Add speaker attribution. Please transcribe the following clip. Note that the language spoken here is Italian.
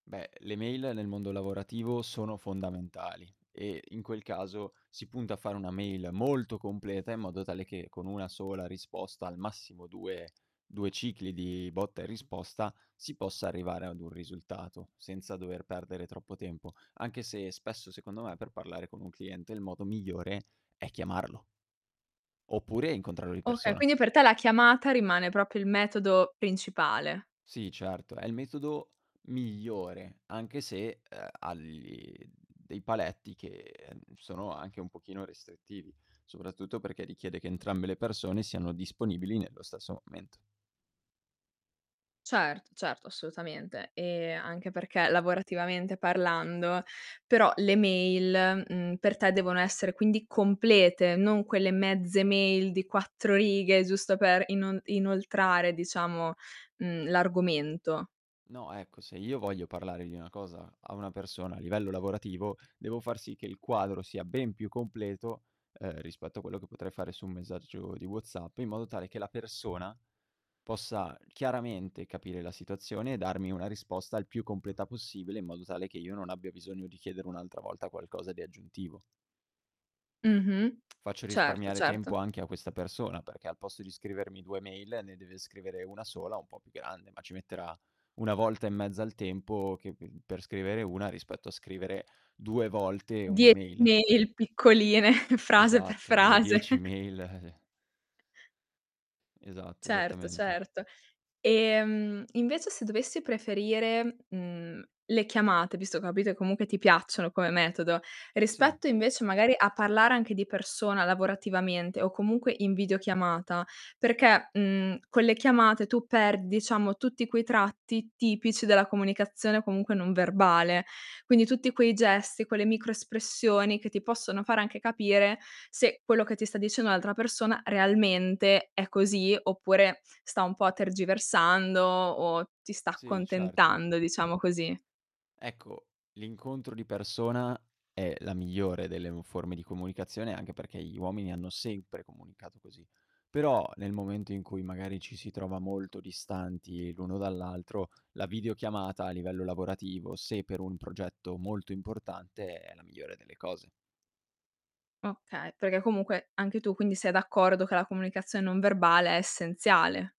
Speaker 1: Beh, le mail nel mondo lavorativo sono fondamentali, e in quel caso si punta a fare una mail molto completa, in modo tale che con 1 sola risposta, al massimo 2 2 cicli di botta e risposta, si possa arrivare ad un risultato, senza dover perdere troppo tempo. Anche se spesso, secondo me, per parlare con un cliente il modo migliore è chiamarlo oppure è incontrarlo di
Speaker 2: Oka
Speaker 1: persona.
Speaker 2: quindi per te la chiamata rimane proprio il metodo principale.
Speaker 1: Sì, certo, è il metodo migliore anche se, ehm, ha gli mhmm, dei paletti che n sono anche un pochino restrittivi, soprattutto perché richiede che entrambe le persone siano disponibili nello stesso momento.
Speaker 2: Cert certo, assolutamente. Ehm, anche perché lavorativamente parlando, però le mail, mhmm, per te devono essere quindi complete, non quelle mezze mail di 4 righe, giusto per inon inoltrare diciamo, mhmm, l'argomento.
Speaker 1: No, ecco, se io voglio parlare di una cosa a una persona a livello lavorativo, devo far sì che il quadro sia ben più completo, ehm, rispetto a quello che potrei fare su un messaggio di WhatsApp, in modo tale che la persona possa chiaramente capire la situazione e darmi una risposta il più completa possibile, in modo tale che io non abbia bisogno di chiedere un'altra volta qualcosa di aggiuntivo.
Speaker 2: Mh-mh.
Speaker 1: Faccio
Speaker 2: Certo,
Speaker 1: risparmiare
Speaker 2: certo.
Speaker 1: tempo anche a questa persona, perché al posto di scrivermi 2 mail ne deve scrivere 1 sola un po' più grande, ma ci metterà 1 volta e mezza il tempo che mhmm, per scrivere 1 rispetto a scrivere 2 volte
Speaker 2: 10
Speaker 1: un'email.
Speaker 2: mail piccoline, frase per
Speaker 1: Esatto, o
Speaker 2: frase.
Speaker 1: 10 mail, eh, eh. Esatto,
Speaker 2: Certo,
Speaker 1: esattamente.
Speaker 2: certo. Ehm, invece se dovessi preferire, mhmm, le chiamate visto ho capito e comunque ti piacciono come metodo,
Speaker 1: Sì.
Speaker 2: rispetto invece, magari, a parlare anche di persona lavorativamente, o comunque in videochiamata, perché, mhmm, con le chiamate tu perdi, diciamo, tutti quei tratti tipici della comunicazione, comunque, non verbale. Quindi tutti quei gesti, quelle micro-espressioni che ti possono fare anche capire se quello che ti sta dicendo l'altra persona realmente è così, oppure sta un po' tergiversando o ti sta
Speaker 1: Sì, certo.
Speaker 2: accontentando, diciamo così.
Speaker 1: Ecco, l'incontro di persona è la migliore delle u forme di comunicazione, anche perché gli uomini hanno sempre comunicato così. Però nel momento in cui, magari, ci si trova molto distanti l'uno dall'altro, la videochiamata a livello lavorativo, se per un progetto molto importante, è la migliore delle cose.
Speaker 2: Okay, perché comunque anche tu, quindi, sei d'accordo che la comunicazione non verbale è essenziale.